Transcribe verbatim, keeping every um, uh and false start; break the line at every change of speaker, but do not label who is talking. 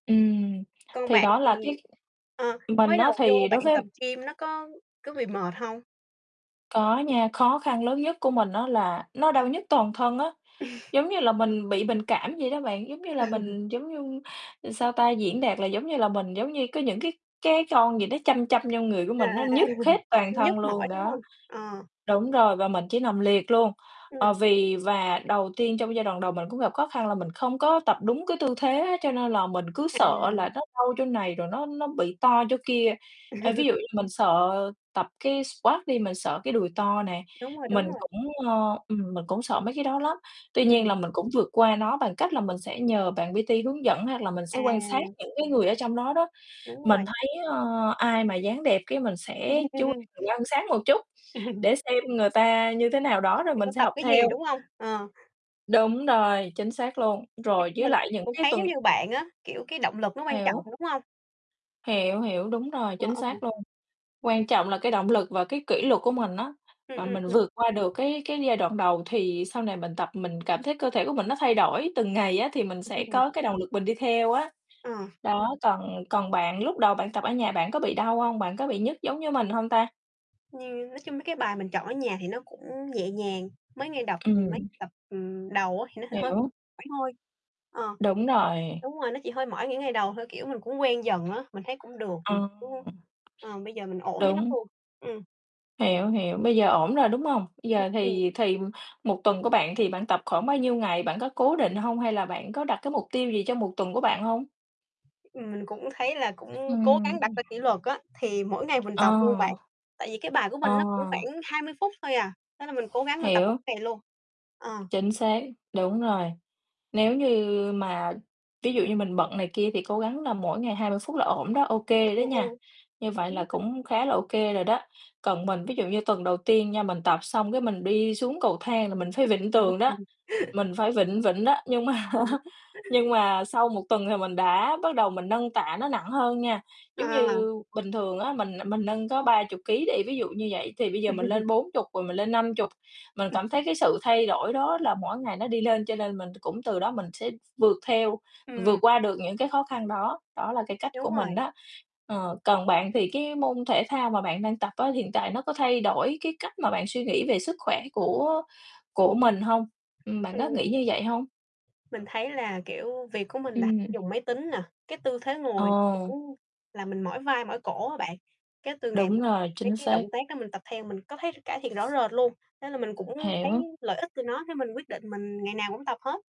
Ừm,
Còn
thì
bạn,
đó
ừm,
là cái
ờ,
mình
mới
á,
đầu vô
thì
bạn
đối với
tập gym nó có có bị mệt hông?
Có nha, khó khăn lớn nhất của mình á, là nó đau nhức toàn thân á, giống như là mình bị bệnh cảm vậy đó bạn, giống như là
Ừ.
mình giống như, sao ta, diễn đạt là giống như là mình giống như có những cái cái con gì nó châm châm vô người của
À, à,
mình, nó
à,
nhức hết toàn
nhức
thân luôn,
mỏi, đúng
đó.
hông? Ờ.
Đúng rồi và mình chỉ nằm liệt luôn, ờ,
Ừm.
vì và đầu tiên trong giai đoạn đầu mình cũng gặp khó khăn là mình không có tập đúng cái tư thế á, cho nên là mình cứ
À.
sợ là nó đau chỗ này rồi nó nó bị to chỗ kia. Ê, ví dụ như mình sợ tập cái squat đi, mình sợ cái đùi to nè,
Đúng rồi, đúng
mình
rồi.
cũng, ơ, ừm, mình cũng sợ mấy cái đó lắm. Tuy nhiên
Ừm.
là mình cũng vượt qua nó bằng cách là mình sẽ nhờ bạn P-T hướng dẫn hoặc là mình sẽ quan sát
À.
những cái người ở trong đó đó,
Đúng
mình
rồi.
thấy, ơ, ai mà dáng đẹp cái mình sẽ chú mình quan sát một chút, để xem người ta như thế nào đó rồi
Người ta
mình sẽ
tập
học
cái gì,
theo.
đúng hông? Ờ.
Đúng rồi, chính xác luôn.
Thiệt
Rồi với
mình
lại những
cũng
cái
thấy giống
tuần
như bạn á, kiểu, cái động lực nó quan trọng,
Hiểu.
đúng hông?
Hiểu, hiểu, đúng rồi,
Ờ,
chính
ơ, ồ.
xác luôn. Quan trọng là cái động lực và cái kỷ luật của mình á,
Ừm,
mà
ừm,
mình
ừm.
vượt qua được cái cái giai đoạn đầu thì sau này mình tập mình cảm thấy cơ thể của mình nó thay đổi từng ngày á, thì mình sẽ có cái động lực mình đi theo á.
Ờ.
Đó, còn còn bạn? Lúc đầu bạn tập ở nhà bạn có bị đau hông? Bạn có bị nhức giống như mình hông ta?
Nhiều nói chung mấy cái bài mình chọn ở nhà thì nó cũng nhẹ nhàng, mới ngay đọc, ừm, mấy
Ừm.
tập, ừm, đầu á, thì nó h hơi
Hiểu.
hoảng thôi. Ờ,
Đúng rồi.
đúng rồi, nó chỉ hơi mỏi những ngày đầu thôi, kiểu, mình cũng quen dần á, mình thấy cũng được, mình
Ờ.
cũng ờ, bây giờ mình ổn với nó
Đúng.
luôn. Ừm.
Hiểu, hiểu, bây giờ ổn rồi, đúng hông? Giờ
Ừm.
thì thì một tuần của bạn thì bạn tập khoảng bao nhiêu ngày? Bạn có cố định hông hay là bạn có đặt cái mục tiêu gì cho một tuần của bạn hông?
Ừm, mình cũng thấy là cũng cố
Ừm,
gắng đặt
ừm.
ra kỷ luật á, thì mỗi ngày mình tập luôn bạn,
Ờ.
tại vì cái bài của
Ờ.
mình nó cũng khoảng hai mươi phút thôi à, thế là mình cố gắng mình tập mỗi
Hiểu.
ngày luôn, ờ.
Chính xác, đúng rồi, nếu như mà ví dụ như mình bận này kia thì cố gắng là mỗi ngày hai mươi phút là ổn đó, OK đó
Ồ,
nha,
ồ.
như vậy
Đúng
là
rồi.
cũng khá là OK rồi đó. Còn mình, ví dụ như tuần đầu tiên nha, mình tập xong cái mình đi xuống cầu thang là mình phải vịn tường đó,
[unintelligible]
mình phải vịn vịn đó nhưng mà
Ừm.
á, nhưng mà sau một tuần thì mình đã bắt đầu mình nâng tạ nó nặng hơn nha, giống
À.
như bình thường á, mình mình nâng có ba chục ký đi, ví dụ như vậy, thì bây giờ mình lên bốn chục rồi mình lên năm chục. Mình
Ừm.
cảm thấy cái sự thay đổi đó là mỗi ngày nó đi lên cho nên mình cũng từ đó mình sẽ vượt theo, vượt
Ừm.
qua được những cái khó khăn đó, đó là cái cách của
Đúng
mình
rồi.
đó. Ờ, còn bạn thì cái môn thể thao mà bạn đang tập á, hiện tại nó có thay đổi cái cách mà bạn suy nghĩ về sức khỏe của của mình hông? Ừm, bạn có nghĩ
Ừm.
như vậy hông?
Mình thấy là, kiểu, việc của mình là
Ừm.
dùng máy tính nè, cái tư thế ngồi
Ồ.
cũng làm mình mỏi vai, mỏi cổ á bạn, cái từ ngày
Đúng
mà
rồi,
mấy
chính
cái
xác.
động tác đó mình tập theo mình có thấy cải thiện rõ rệt luôn, thế là mình cũng thấy
Hiểu.
lợi ích từ nó, thế mình quyết định mình ngày nào cũng tập hết.